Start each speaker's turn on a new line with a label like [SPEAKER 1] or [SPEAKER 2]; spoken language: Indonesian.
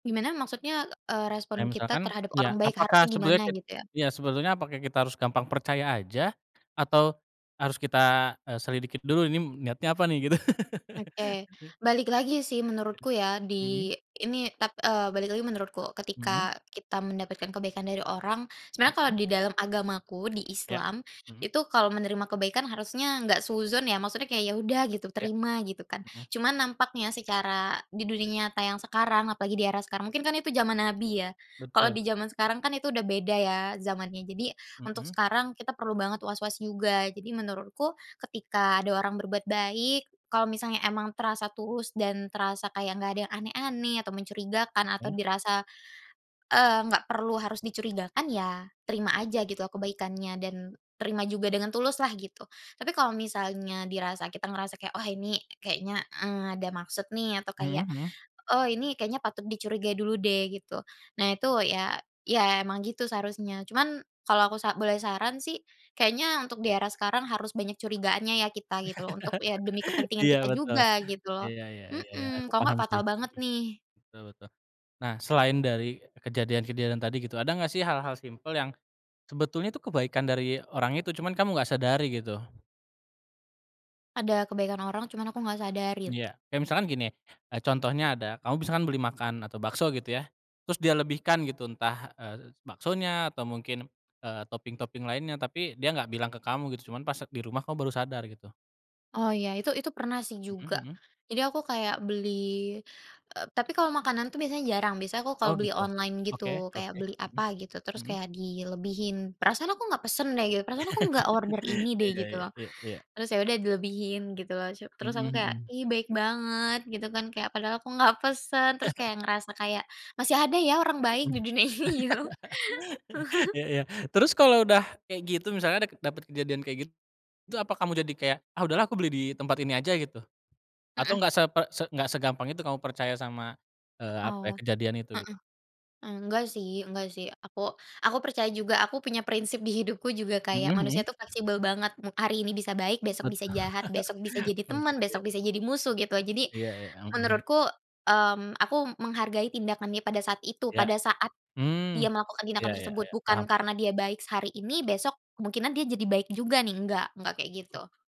[SPEAKER 1] Gimana? Maksudnya, eee, respon
[SPEAKER 2] Kayak
[SPEAKER 1] kita
[SPEAKER 2] misalkan,
[SPEAKER 1] terhadap orang
[SPEAKER 2] ya
[SPEAKER 1] baik, harusnya
[SPEAKER 2] apakah
[SPEAKER 1] gimana?
[SPEAKER 2] sebetulnya kit
[SPEAKER 1] Gitu ya.
[SPEAKER 2] ya sebetulnya apakah kita harus gampang percaya aja atau harus kita, eee, selidiki dulu, Ini niatnya apa nih? Gitu.
[SPEAKER 1] Oke. balik lagi sih, menurutku ya.
[SPEAKER 2] Mhm.
[SPEAKER 1] Di ini, tap eee, balik lagi menurutku.
[SPEAKER 2] Mhm.
[SPEAKER 1] Ketika kita mendapatkan kebaikan dari orang, sebenarnya kalau
[SPEAKER 2] Mhm.
[SPEAKER 1] di dalam agamaku, di
[SPEAKER 2] Iya.
[SPEAKER 1] Islam.
[SPEAKER 2] Mhm.
[SPEAKER 1] Itu kalau menerima kebaikan, harusnya enggak suudzon ya, maksudnya kayak, ya udah gitu,
[SPEAKER 2] Iya.
[SPEAKER 1] terima, gitu kan.
[SPEAKER 2] Mhm.
[SPEAKER 1] Cuman nampaknya, secara di dunia nyata yang sekarang, apalagi di era sekarang. Mungkin kan itu zaman nabi, ya. Kalau
[SPEAKER 2] Betul.
[SPEAKER 1] di zaman sekarang kan, itu udah beda ya zamannya. Jadi, untuk
[SPEAKER 2] Mhm.
[SPEAKER 1] sekarang kita perlu banget was-was juga. Jadi menurutku, ketika ada orang berbuat baik, kalau misalnya emang terasa tulus, dan terasa kayak nggak ada yang aneh-aneh, atau mencurigakan, atau
[SPEAKER 2] Iya.
[SPEAKER 1] dirasa, eee, nggak perlu harus mencurigakan, ya terima aja gitu kebaikannya. Dan, terima juga dengan tulus lah, gitu. Tapi kalau misalnya dirasa kita ngerasa kayak, wah ini kayaknya, eee, ada maksud nih, atau
[SPEAKER 2] Mhm
[SPEAKER 1] kayak,
[SPEAKER 2] mhm.
[SPEAKER 1] oh ini kayaknya patut dicurigai dulu deh, gitu. Nah itu ya ya emang gitu, seharusnya. Cuman, kalau aku sa boleh saran sih, kayaknya untuk di era sekarang harus banyak curigaannya, ya kita, gitu loh. Untuk ya, demi kepentingan
[SPEAKER 2] Iya
[SPEAKER 1] kita
[SPEAKER 2] betul.
[SPEAKER 1] juga, gitu loh.
[SPEAKER 2] Iya iya iya iya.
[SPEAKER 1] Mhm.
[SPEAKER 2] Aku
[SPEAKER 1] Kalo nggak,
[SPEAKER 2] paham sih.
[SPEAKER 1] fatal banget, nih.
[SPEAKER 2] Mhm. Betul betul. Nah selain dari kejadian-kejadian tadi, gitu, ada nggak sih hal-hal simpel, yang sebetulnya tuh kebaikan dari orang itu, cuman kamu nggak sadari, gitu?
[SPEAKER 1] Ada kebaikan orang, cuman aku nggak sadarin.
[SPEAKER 2] Iya. Kayak misalkan gini, eee, contohnya ada, kamu misalkan beli makan atau bakso, gitu ya, terus dia lebihkan, gitu, entah, eee, baksonya, atau mungkin, eee, topping-topping lainnya, tapi dia nggak bilang ke kamu, gitu. Cuman pas se di rumah kamu baru sadar, gitu.
[SPEAKER 1] Oh, ya. Itu itu pernah sih
[SPEAKER 2] Mhm
[SPEAKER 1] juga.
[SPEAKER 2] mhm.
[SPEAKER 1] Jadi aku kayak beli eee, tapi kalau makanan tuh, biasanya jarang. Biasanya aku kalau
[SPEAKER 2] Oh,
[SPEAKER 1] beli
[SPEAKER 2] gitu.
[SPEAKER 1] online, gitu.
[SPEAKER 2] Oke,
[SPEAKER 1] Kayak
[SPEAKER 2] oke.
[SPEAKER 1] beli
[SPEAKER 2] Mhm,
[SPEAKER 1] apa gitu, terus
[SPEAKER 2] mhm.
[SPEAKER 1] kayak dilebihin. Perasaan aku nggak pesen deh, gitu. Perasaan aku enggak order ini deh,
[SPEAKER 2] Iya
[SPEAKER 1] gitu
[SPEAKER 2] iya
[SPEAKER 1] loh.
[SPEAKER 2] Iya iya.
[SPEAKER 1] Terus ya udah, dilebihin gitu loh. Cu terus
[SPEAKER 2] Mhm
[SPEAKER 1] aku kayak,
[SPEAKER 2] mhm.
[SPEAKER 1] "Ih baik banget," gitu kan. Kayak, padahal aku nggak pesen, terus kayak ngerasa kayak, masih ada ya orang baik
[SPEAKER 2] Mhm.
[SPEAKER 1] di dunia ini gitu loh.
[SPEAKER 2] Iya iya. Terus kalo udah kayak gitu, misalnya dake dapet kejadian kayak git itu apa kamu jadi kayak, ah udahlah aku beli di tempat ini aja, gitu? Atau
[SPEAKER 1] Mhm.
[SPEAKER 2] nggak seper se nggak segampang itu kamu percaya sama, eee, apa
[SPEAKER 1] Oh.
[SPEAKER 2] ya, kejadian itu? Gitu.
[SPEAKER 1] Heeh. Enggak sih enggak sih. Aku aku percaya juga. Aku punya prinsip di hidupku juga
[SPEAKER 2] Mhm
[SPEAKER 1] kayak, manusia itu
[SPEAKER 2] mhm.
[SPEAKER 1] fleksibel banget. Hari ini bisa baik, besok
[SPEAKER 2] Betu
[SPEAKER 1] bisa jahat. Besok bisa jadi
[SPEAKER 2] oh,
[SPEAKER 1] teman,
[SPEAKER 2] gitu ya.
[SPEAKER 1] besok bisa jadi musuh, gitu. Jadi,
[SPEAKER 2] Iya iya. Mhm mhm.
[SPEAKER 1] menurutku, mmm, aku menghargai tindakan dia pada saat itu.
[SPEAKER 2] Iya.
[SPEAKER 1] Pada saat
[SPEAKER 2] Mmm.
[SPEAKER 1] dia melakukan
[SPEAKER 2] Iya
[SPEAKER 1] tindakan
[SPEAKER 2] iya
[SPEAKER 1] tersebut.
[SPEAKER 2] iya.
[SPEAKER 1] Bukan
[SPEAKER 2] Paham paham.
[SPEAKER 1] karena dia baik sehari ini, besok kemungkinan dia jadi baik juga nih, nggak, nggak kayak gitu.